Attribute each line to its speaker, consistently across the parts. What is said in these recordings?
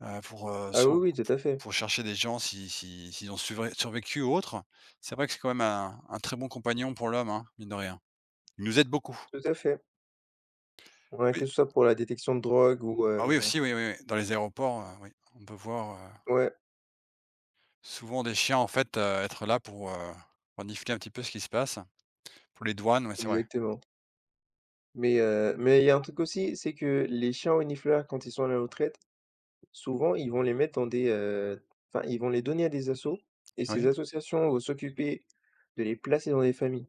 Speaker 1: Heu, pour heu,
Speaker 2: Ah
Speaker 1: se re p
Speaker 2: oui oui, tout à fait.
Speaker 1: pour rechercher des gens, si si s'ils ont suvré survécu ou autre. C'est vrai que c'est quand même un un très bon compagnon pour l'homme, hein, mine de rien. Il nous aide beaucoup.
Speaker 2: Tout à fait. Ouais,
Speaker 1: Oui.
Speaker 2: que ce soit pour la détection de drogue ou,
Speaker 1: Ah
Speaker 2: heu
Speaker 1: oui, aussi, oui, oui, dans les aéroports, heu, oui, on peut voir, heu
Speaker 2: Ouais.
Speaker 1: souvent des chiens en fait, heu, être là pour, heu, renifler un petit peu ce qui se passe, pour les douanes, ouais, c'est vrai.
Speaker 2: Exactement. Mais heu, mais il y a un truc aussi, c'est que les chiens renifleurs quand ils sont à la retraite, souvent ils vont les mettre dans des, heu, enfin ils vont les donner à des assos et ces
Speaker 1: Oui.
Speaker 2: associations vont s'occuper de les placer dans des familles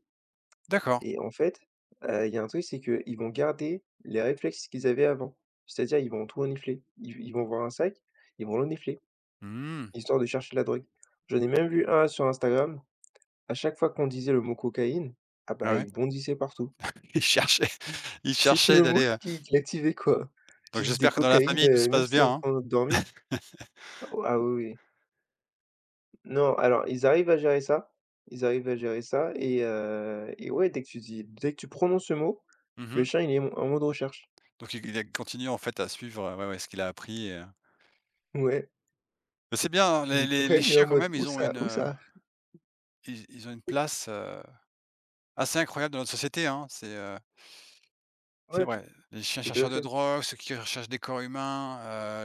Speaker 1: D'accord.
Speaker 2: et en fait, heu, il y a un truc, c'est qu'ils vont garder les réflexes qu'ils avaient avant, c'est-à-dire ils vont tout renifler. Ils v ils vont voir un sac, ils vont le renifler,
Speaker 1: Mmh.
Speaker 2: histoire de chercher de la drogue. J'en ai même vu un sur Instagram, à chaque fois qu'on disait le mot «cocaïne», ah
Speaker 1: Ah
Speaker 2: bah,
Speaker 1: ouais?
Speaker 2: il bondissait partout
Speaker 1: Il cherchait il
Speaker 2: c'était
Speaker 1: cherchait
Speaker 2: le mot
Speaker 1: d'aller, heu
Speaker 2: qui qui l'activait, quoi.
Speaker 1: Donc
Speaker 2: Tu disais
Speaker 1: j'espère que dans la
Speaker 2: «cocaïne»,
Speaker 1: famille, tout
Speaker 2: heu,
Speaker 1: se
Speaker 2: même
Speaker 1: passe
Speaker 2: s'il
Speaker 1: bien,
Speaker 2: était en
Speaker 1: hein.
Speaker 2: train de dormait. Ah, oui, oui. Non alors ils arrivent à gérer ça, ils arrivent à gérer ça et heu, et ouais dès que tu dis dès que tu prononces ce mot,
Speaker 1: Mmh
Speaker 2: le
Speaker 1: mh.
Speaker 2: chien il est m en mode recherche.
Speaker 1: Donc il il a continué en fait à suivre, ouais, ouais, ce qu'il a appris et heu
Speaker 2: Ouais.
Speaker 1: mais c'est bien, hein,
Speaker 2: Tu
Speaker 1: les
Speaker 2: disais
Speaker 1: les les
Speaker 2: «cocaïne», il est en
Speaker 1: chiens quand
Speaker 2: mode:
Speaker 1: même,
Speaker 2: «Où
Speaker 1: ils ont
Speaker 2: ça?
Speaker 1: une,
Speaker 2: Où
Speaker 1: heu
Speaker 2: ça?»
Speaker 1: ils ils ont une place, heu, assez incroyable dans notre société, hein. C'est, heu c'est
Speaker 2: Ouais, t
Speaker 1: vrai. Les chiens
Speaker 2: tout à
Speaker 1: chercheurs de
Speaker 2: fait.
Speaker 1: drogue, ceux qui recherchent des corps humains,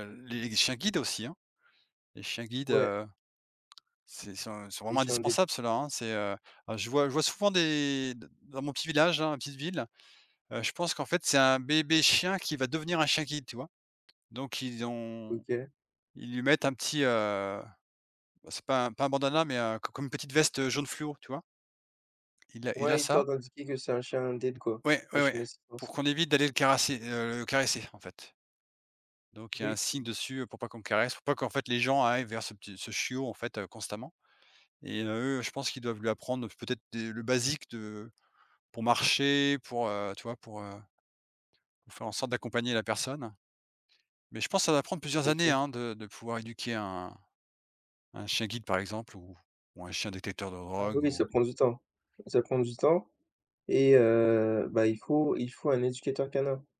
Speaker 1: heu, les chiens guides aussi, hein. Les chiens guides,
Speaker 2: Ouais.
Speaker 1: heu, c'est ils sont ils sont
Speaker 2: Des
Speaker 1: vraiment
Speaker 2: chiens d'aide.
Speaker 1: indispensables ceux là, hein, c'est, heu, heu, je vois je vois souvent des d dans mon petit village, dans ma petite ville, heu, je pense qu'en fait c'est un bébé chien qui va devenir un chien guide, tu vois? Donc ils ont
Speaker 2: OK.
Speaker 1: ils lui mettent un petit, heu, bah, c'est pas pas un bandana mais, heu, co comme une petite veste, heu, jaune fluo, tu vois? Il a il a
Speaker 2: Ouais,
Speaker 1: ça.
Speaker 2: histoire d'indiquer que c'est un chien d'aide quoi,
Speaker 1: Ouais,
Speaker 2: un
Speaker 1: ouais,
Speaker 2: chien
Speaker 1: ouais,
Speaker 2: d'assistance.
Speaker 1: pour qu'on évite d'aller le caresser, heu, le caresser, en fait donc il y a un
Speaker 2: Oui.
Speaker 1: signe dessus, heu, pour pas qu'on le caresse, pour pas qu'en fait les gens arrivent vers ce petit ce chiot, en fait, constamment. Et heu, eux je pense qu'ils doivent lui apprendre peut-être des le basique de pour marcher, pour, heu, tu vois, pour, heu, pour faire en sorte d'accompagner la personne. Mais je pense, ça va prendre
Speaker 2: Tout
Speaker 1: plusieurs
Speaker 2: à
Speaker 1: années,
Speaker 2: fait.
Speaker 1: hein, de de pouvoir éduquer un un chien guide, par exemple ou ou un chien détecteur de
Speaker 2: Ah
Speaker 1: drogue
Speaker 2: oui,
Speaker 1: ou
Speaker 2: ça prend du temps. Ça prend du temps et heu, bah, il faut il faut un éducateur canin.